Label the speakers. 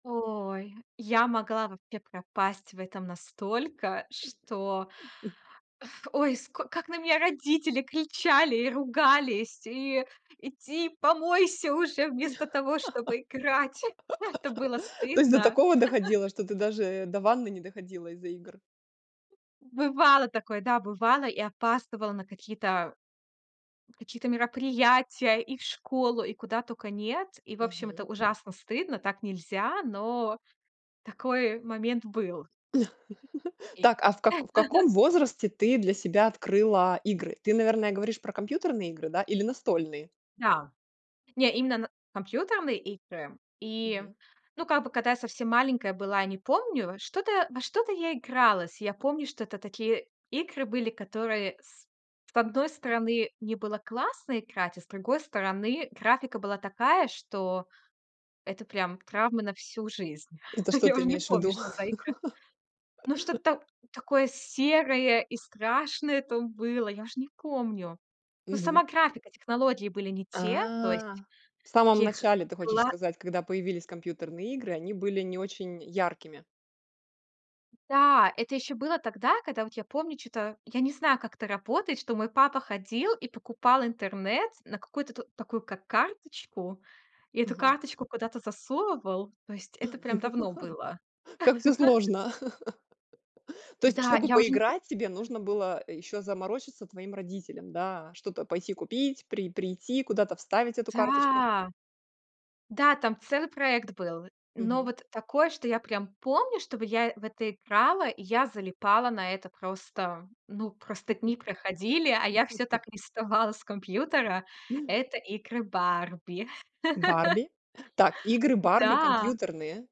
Speaker 1: Ой, я могла вообще пропасть в этом настолько, что
Speaker 2: М.
Speaker 1: ф ой, ско как на меня родители кричали и ругались: "И иди помойся уже, вместо того, чтобы играть!" Это было
Speaker 2: То есть до
Speaker 1: стыдно.
Speaker 2: такого доходило, что ты даже до ванны не доходила из-за игр?
Speaker 1: Бывало такое, да, бывало, и опаздывала на какие-то какие-то мероприятия, и в школу, и куда тока нет. И, в общем, это
Speaker 2: Мгм.
Speaker 1: ужасно стыдно, так нельзя, но такой момент был. И
Speaker 2: Так, а в ка каком возрасте ты для себя открыла игры? Ты, наверное, говоришь про компьютерные игры, да, или настольные?
Speaker 1: Да, не именно на компьютерные игры, и,
Speaker 2: Мгм.
Speaker 1: ну, как бы, когда я совсем маленькая была, я не помню, что-то во что-то я игралась. Я помню, что это такие игры были, которые с с одной стороны, мне было классно играть, а с другой стороны, графика была такая, что это прям травма на всю жизнь.
Speaker 2: Это что
Speaker 1: Я
Speaker 2: ты
Speaker 1: уже не
Speaker 2: имеешь в
Speaker 1: помню,
Speaker 2: виду?
Speaker 1: что за игра. Но что-то такое серое и страшное там было. Я уже не помню. Но
Speaker 2: Мгм.
Speaker 1: сама графика, технологии были не те. То
Speaker 2: А,
Speaker 1: есть
Speaker 2: в самом
Speaker 1: таких
Speaker 2: начале ты хочешь
Speaker 1: была
Speaker 2: сказать, когда появились компьютерные игры, они были не очень яркими?
Speaker 1: Да, это ещё было тогда, когда вот я помню чё-то, я не знаю, как это работает, что мой папа ходил и покупал интернет на какую-то такую, как карточку, и эту
Speaker 2: Ага.
Speaker 1: карточку куда-то засовывал. То есть это прям давно было.
Speaker 2: Как всё сложно. То есть,
Speaker 1: Да,
Speaker 2: чтобы
Speaker 1: я уже не
Speaker 2: поиграть,
Speaker 1: помню.
Speaker 2: тебе
Speaker 1: [unintelligible]
Speaker 2: нужно было ещё заморочиться твоим родителям, да, что-то пойти купить, при прийти, куда-то вставить эту карточку.
Speaker 1: Да, да, там целый проект был. Но
Speaker 2: Мгм.
Speaker 1: вот такое, что я прям помню, чтобы я в это играла, и я залипала на это. Просто, ну, просто дни проходили, а я всё так и не вставала с компьютера. Это игры "Барби".
Speaker 2: "Барби"? Так, игры "Барби"
Speaker 1: Да!
Speaker 2: компьютерные.